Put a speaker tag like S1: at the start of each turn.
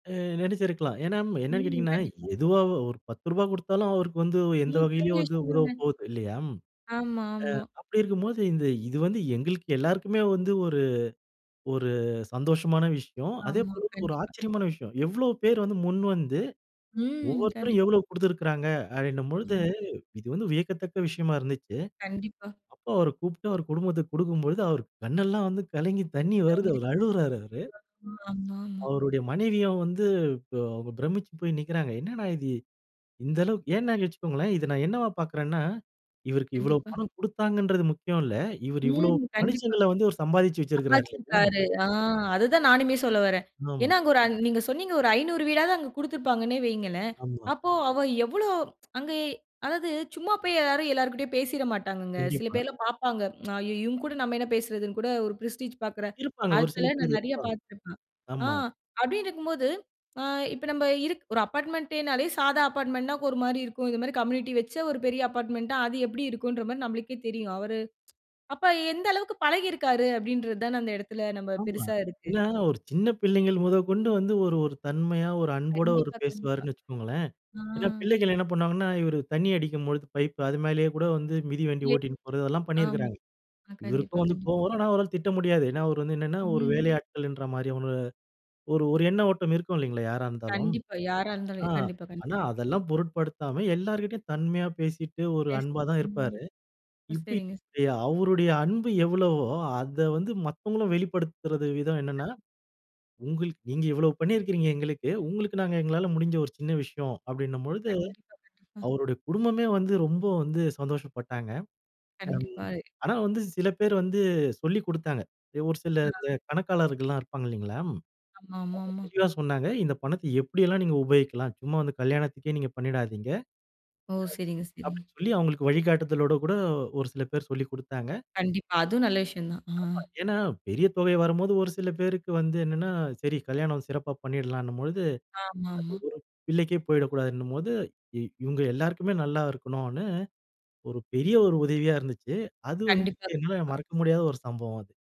S1: அ நினச்சிருக்கலாம். ஏன்னா என்னென்னு
S2: ம்.
S1: கேட்டீங்கன்னா
S2: கண்டிப்பா.
S1: எதுவா ஒரு ரூ. 10 கொடுத்தாலும் அவருக்கு வந்து எந்த
S2: [unintelligible]
S1: வகையிலேயும்
S2: பெரிய
S1: அது உதவ
S2: விஷயம்ங்க.
S1: போகுது. இல்லயா?
S2: ஆமா, ஆமா.
S1: அ ஆ அப்டி இருக்கும்போது இந்த இது வந்து எங்களுக்கு எல்லோருக்குமே வந்து ஒரு, ஒரு சந்தோஷமான விஷயம். அதே
S2: ஆமா
S1: போல ஒரு
S2: கண்டிப்பா.
S1: ஆச்சரியமான விஷயம். எவ்ளோ பேர் வந்து முன்வந்து
S2: ம்.
S1: ஒவ்வொருத்தரும்
S2: கண்டிப்
S1: எவ்வளவு கொடுத்திருக்கிறாங்க அப்டினும் பொழுது
S2: ம்.
S1: இது வந்து வியக்கத்தக்க விஷயமா இருந்ச்சு.
S2: கண்டிப்பா.
S1: அப்ப அவர கூப்பிட்டு அவ குடும்பத்துக்கு கொடுக்கும் பொழுது அவரு கண்ணெல்லாம் வந்து கலங்கி தண்ணி
S2: [unintelligible]
S1: வருது அவ அழுவுறாரு அவரு.
S2: [unintelligible] ஆ, ஆமா.
S1: அவருடைய மனைவிய வந்து ப பிரமிச்சு போய் நிற்கிறாங்க. என்ன அண்ணா இது இந்த அளவுக் ஏன்னு வச்சுக்கொள்ளுங்களேன், இத நான் என்னவா பார்க்கிறேன்னா, இவருக்கு இவ்வளவு
S2: கண்டிப்பா.
S1: பணம் கொடுத்தாங்கங்கரது முக்கியம் இல்ல. இவர் இவ்வளவு
S2: ம். கண்டிப்பா.
S1: மனுஷங்கள வந்து சம்பாதிச்சு வச்சிருக்கிறாரு. [unintelligible]
S2: சம்பாதிச்சிருக்கிறார். ஆ அத தான் நானுமே சொல்ல வர்றேன்.
S1: ஆமா.
S2: ஏன்னா அங்கு நீங்க சொன்னீங்க ஒரு 500 வீடாவது அங்கு கொடுத்திருப்பாங்கன்னு வையுங்களேன்.
S1: ஆமா.
S2: அப்போ அவ எவ்வளோ அங்க அதாது சும்மா போய் எல்லாரும் எல்லோரிடமும் பேசிவிட மாட்டாங்க. சில
S1: கண்டிப்பா.
S2: பேர் எல்லாம் பார்ப்பாங்க. இவங்க கூட நம்ம என்ன பேசுறதுனு கூட ஒரு பிரெஸ்டிஜ் பார்க்கிற.
S1: இருப்பாங்க ஒரு சில
S2: ஆட்கள நான்
S1: பேர்
S2: நிறைய
S1: இருப்பாங்க.
S2: பார்த்துப்பேன். ஆ
S1: ஆமா.
S2: அப்டினு இருக்கும்போது ஆ இப்ப நம்ம இரு அபார்ட்மெண்ட்னாலே சாதா அபார்ட்மெண்ட் னா ஒரு மாரி இருக்கும். இது மாரி கம்யூனிட்டி வச்ச ஒரு பெரிய அபார்ட்மெண்ட்னா அது எப்படி இருக்கும்ன்ற மாரி நமளுக்கே தெரியும். அவரு அவர் அப்ப எந்த அளவிற்கு பழகி இருக்கிறாரு அப்டின்றது தான அந்த இடத்தில நம்ம
S1: ஆமா,
S2: பெருசா இருக்கு.
S1: ஏன்னா ஒரு சின்ன பிள்ளைகள் முதற்கொண்டு வந்து ஒரு, ஒரு தன்மையா ஒரு அன்போடு அவர்
S2: கண்டிப்பா, கண்டிப்பா.
S1: பேசுவாருன்னு வச்சுக்கோங்களேன்.
S2: அ.
S1: ஏன்னா பிள்ளைகள் என்ன பண்ணுவாங்கன்னா, இவர் தண்ணி அடிக்கும்பொழுது பைப்பு அது மேலேயே கூட வந்து மிதி வண்டி
S2: எ
S1: ஓட்டின் போறது அதெல்லாம் பண்ணியிருக்கிறாங்க.
S2: ஆமா கண்டிப்பா
S1: இவருக்கும் வந்து
S2: கண்டிப்பா.
S1: கோவம் வரும் ஆனா அவரால திட்ட முடியாது. ஏன்னா அவர் வந்து என்னென்னா ஒரு
S2: ம்.
S1: வேலையாட்கள்ன்ற மாரி ஒரு, ஒரு, ஒரு எண்ண ஓட்டம் இருக்கும் இல்லைங்களா யாரா இருந்தாலும்.
S2: கண்டிப்பா. யாரா
S1: அ ஆ
S2: இருந்தாலும் கண்டிப்பா.
S1: ஆனா
S2: கண்டிப்
S1: அதெல்லாம் பொருட்படுத்தாம எல்லார்கிட்டயும் தன்மையா பேசிட்டு ஒரு அன்பா தான் இருப்பாரு.
S2: [unintelligible] ஓ.
S1: இப்ப
S2: சரிங்க
S1: அவருடைய அன்பு எவ்வளவோ அத வந்து மத்தவர்களும் வெளிப்படுத்துவது விதம் என்னெனா உங்க நீங்க இவ்வளவு பண்ணியிருக்கிறீங்க எங்களுக்கு உங்களுக்கு நாங்க எங்களால முடிந்த ஒரு சின்ன விஷயம் அப்டினும் பொழுது
S2: கண்டிப்பா கண்டிப்பா.
S1: அவருடைய குடும்பமே வந்து ரொம்ப வந்து சந்தோஷப்பட்டாங்க. ம்
S2: கண்டிப்பா. ஏ
S1: ஆனா, வந்து சில பேர் வந்து சொல்லிக் கொடுத்தாங்க. ஒரு சில இந்த
S2: ஆ.
S1: கணக்காளர்கள்லாம் இருப்பாங்க இல்லைங்களா. அவங்க
S2: ஆமா, ஆமா, ஆமா.
S1: தெளிவா சொன்னாங்க. இந்த பணத்தை எப்படியெல்லாம் நீங்க உபயோகிக்கலாம். சும்மா வந்து கல்யாணத்திக்கே நீங்க பண்ணிடாதீங்க.
S2: ஓ! சரிங்க சரிங்க.
S1: அப்டினு சொல்லி அவங்களுக்கு வழிகாட்டுதலோடு கூட ஒரு சில பேர் சொல்லிக் கொடுத்தாங்க.
S2: கண்டிப்பா அதுவும் நல்ல விஷயம் தான். ஆ.
S1: ஆமா ஏன்னா பெரிய தொகை வரும்போது ஒரு சில பேருக்கு வந்து என்னென்னா சரி, கல்யாணம் சிறப்பா பண்ணிடலாம்னும் பொழுது அது ஒரு
S2: ஆமா, ஆமா.
S1: பிள்ளைக்கே போய்விடக்கூடாதுன்னும்போது, இவங்க எல்லோருக்குமே நல்லா இருக்கணும்னு ஒரு பெரிய ஒரு உதவியா இருந்துச்சு. அது வந்து
S2: கண்டிப்பா,
S1: என்னால
S2: கண்டிப்பா.
S1: மறக்க முடியாத ஒரு சம்பவம் அது.